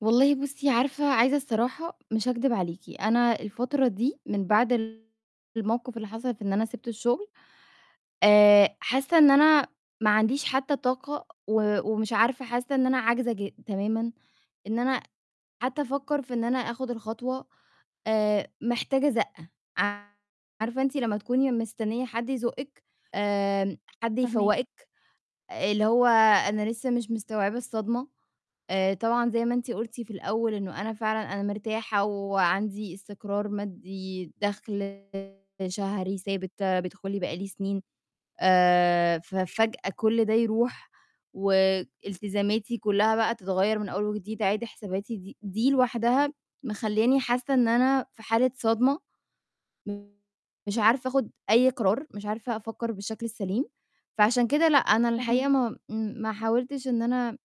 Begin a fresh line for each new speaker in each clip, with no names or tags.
والله بُصّي، عارفة عايزة الصراحة؟ مش هاكدب عليكِ. أنا الفترة دي من بعد ال الموقف اللي حصل في إن أنا سِبت الشغل، آآ، حاسة إن أنا ما عنديش حتى طاقة و ومش عارفة، حاسة إن أنا عاجزة ج تمامًا، إن أنا حتى أفكر في إن أنا آخد الخطوة، آآ، محتاجة زقة، عارفة أنتِ لمّا تكوني مستنية حد يزُقِك، آآ، حد
فاهماكِ.
يفوّقِك، اللي هو أنا لسه مش مستوعبة الصدمة. آآ طبعًا زي ما أنتِ قُلتِ في الأول إنه أنا فعلًا أنا مرتاحة وعندي استقرار مادي، دخل شهري ثابت بيدخُل لي بقى لي سنين. آآ، ففجأة كُل ده يروح والتزاماتي كلّها بقى تتغير من أول وجديد، أعيد حساباتي دي دي لوحدها مخلّياني حاسة إن أنا في حالة صدمة. [unintelligible] مش عارفة آخد أي قرار، مش عارفة أفكر بالشكل السليم. فعشان كده لأ، أنا الحقيقة
فاهماكِ.
ما امم، ما حاولتش إن أنا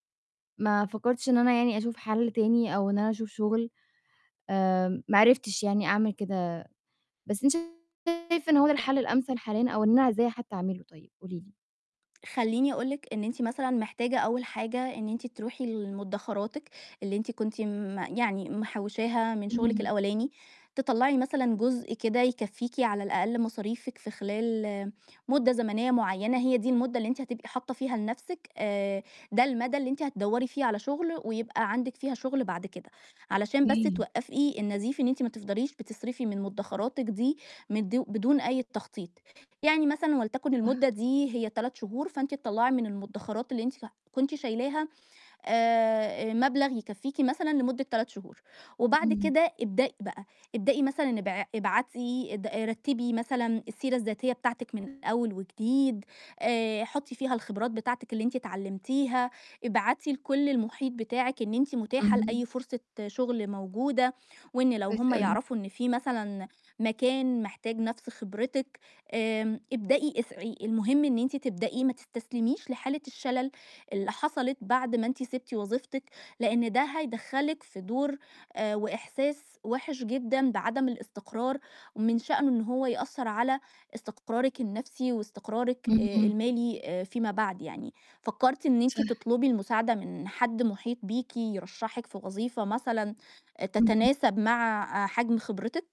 ما فكرتش إن أنا يعني أشوف حل تاني أو إن أنا أشوف شغل. آآ، ما عرفتش يعني أعمل كده. بس أنتِ شايفة إن هو ده
ط
الحل الأمثل حاليًا أو إن أنا إزاي حتى أعمله طيب؟ قولي لي.
خلّيني أقول لِك إن أنتِ مثلًا محتاجة أول حاجة إن أنتِ تروحي لمدخراتِك اللي أنتِ كنتِ م يعني محوشاها من شغلِك
امم.
الأولاني، تطلّعي مثلًا جزء كده يكفيكِ على الأقل مصاريفِك في خلال مُدة زمنية معيّنة، هي دي المُدة اللي أنتِ هتبقي حاطة فيها لنفسِك، آآ، ده المدى اللي أنتِ هتدوّري فيه على شغل ويبقى عندِك فيها شغل بعد كده، علشان بس
كي
توقفي النزيف إن أنتِ ما تفضليش بتصرفي من مدخراتِك دي مد بدون أي تخطيط. يعني مثلًا ولتكن
صح.
الُمدة دي هي 3 شهور، فأنتِ تطلّعي من المدخرات اللي أنتِ ف كنتِ شايلاها، آآ، مبلغ يكفيكِ مثلًا لمدة 3 شهور. وبعد
امم.
كده ابدئي بقى، ابدئي مثلًا ابع ابعتي آآ د رتّبي مثلًا السيرة الذاتية بتاعتِك من الأول وجديد، آآ، حُطي فيها الخبرات بتاعتِك اللي أنتِ اتعلمتيها، ابعتي لكُل المحيط بتاعِك إن أنتِ متاحة
امم.
لأي فرصة شغل موجودة، وإن لو
كويس
هُم
أوي.
يعرفوا إن في مثلًا مكان محتاج نفس خبرتِك، آآ ابدئي اسعي. المهم إن أنتِ تبدئي، ما تستسلميش لحالة الشلل اللي حصلت بعد ما أنتِ سِبتِ وظيفتِك، لأن ده هيدخلِك في دور آآ وإحساس وِحِش جدًا بعدم الاستقرار، ومن شأنه إن هو يأثر على استقرارِِك النفسي واستقرارِِك آآ
امم.
المالي آآ فيما بعد يعني. فكرتِ إن أنتِ
صح.
تطلبي المساعدة من حد محيط بيكِ يرشحِك في وظيفة مثلًا آآ
امم.
تتناسب مع آآ حجم خبرتِك؟